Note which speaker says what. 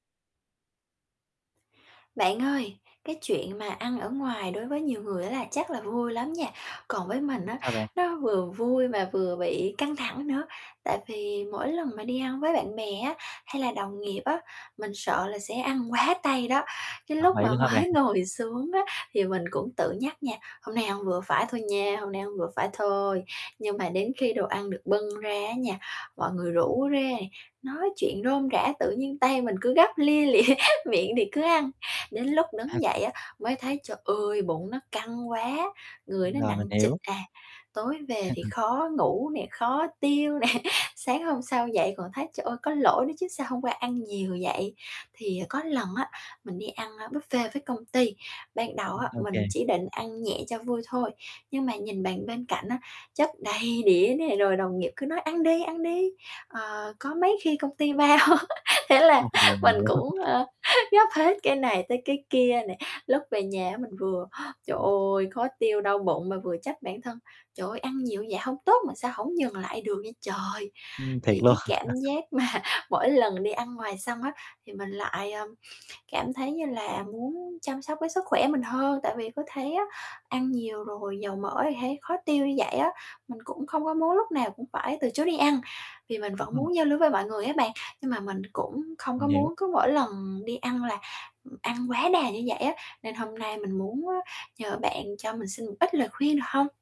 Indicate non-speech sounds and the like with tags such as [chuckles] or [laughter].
Speaker 1: Bạn ơi, cái chuyện mà ăn ở ngoài đối với nhiều người á là chắc là vui lắm nha, còn với mình á,
Speaker 2: Sao bạn?
Speaker 1: nó vừa vui mà vừa bị căng thẳng nữa. Tại vì mỗi lần mà đi ăn với bạn bè á, hay là đồng nghiệp á, mình sợ là sẽ ăn quá tay đó, cái
Speaker 2: Ờ,
Speaker 1: lúc
Speaker 2: vậy
Speaker 1: mà
Speaker 2: luôn hả bạn?
Speaker 1: mới ngồi xuống á thì mình cũng tự nhắc nha: "Hôm nay ăn vừa phải thôi nha, hôm nay ăn vừa phải thôi." Nhưng mà đến khi đồ ăn được bưng ra á nha, mọi người
Speaker 2: Ừm.
Speaker 1: rủ rê, nói chuyện rôm rả tự nhiên tay mình cứ gắp lia lịa, miệng thì cứ ăn. Đến lúc đứng dậy
Speaker 2: [unintelligible]
Speaker 1: á, mới thấy, trời ơi, bụng nó căng quá! Người nó
Speaker 2: Rồi, mình
Speaker 1: nặng trịch
Speaker 2: hiểu.
Speaker 1: à, tối về thì
Speaker 2: [chuckles]
Speaker 1: khó ngủ nè, khó tiêu nè, sáng hôm sau dậy còn thấy, trời ơi, có lỗi nữa chứ sao hôm qua ăn nhiều vậy. Thì có lần á mình đi ăn, ơ, buffet với công ty, ban đầu
Speaker 2: Ừ,
Speaker 1: á,
Speaker 2: ô
Speaker 1: mình
Speaker 2: kê.
Speaker 1: chỉ định ăn nhẹ cho vui thôi, nhưng mà nhìn bàn bên cạnh á, chất đầy đĩa nè, rồi đồng nghiệp cứ nói "Ăn đi, ăn đi, ờ, có mấy khi công ty bao." [laughs] thế là
Speaker 2: Ừm, rồi, mình
Speaker 1: mình
Speaker 2: hiểu
Speaker 1: cũng,
Speaker 2: [unintelligible]
Speaker 1: ơ, gắp hết cái này tới cái kia nè. Lúc về nhà á mình vừa, trời
Speaker 2: Ừm.
Speaker 1: ơi, khó tiêu, đau bụng mà vừa trách bản thân: "Trời ơi, ăn nhiều vậy hông tốt mà sao hổng dừng lại được vậy trời?"
Speaker 2: Ừm, thiệt
Speaker 1: Thì
Speaker 2: luôn.
Speaker 1: cái cảm
Speaker 2: [chuckles]
Speaker 1: giác mà mỗi lần đi ăn ngoài xong á thì mình lại, ờ, cảm thấy như là muốn chăm sóc cái sức khỏe mình hơn, tại vì cứ thấy á ăn nhiều rồi dầu mỡ thì thấy khó tiêu như vậy á. Mình cũng không có muốn lúc nào cũng phải từ chối đi ăn, vì mình vẫn
Speaker 2: Ừm.
Speaker 1: muốn giao lưu với mọi người á bạn, nhưng mà mình cũng không
Speaker 2: Mình
Speaker 1: có
Speaker 2: hiểu.
Speaker 1: muốn cứ mỗi lần đi ăn là, ừm, ăn quá đà như vậy á. Nên hôm nay mình muốn, ơ, nhờ bạn cho mình xin một ít lời khuyên được hông?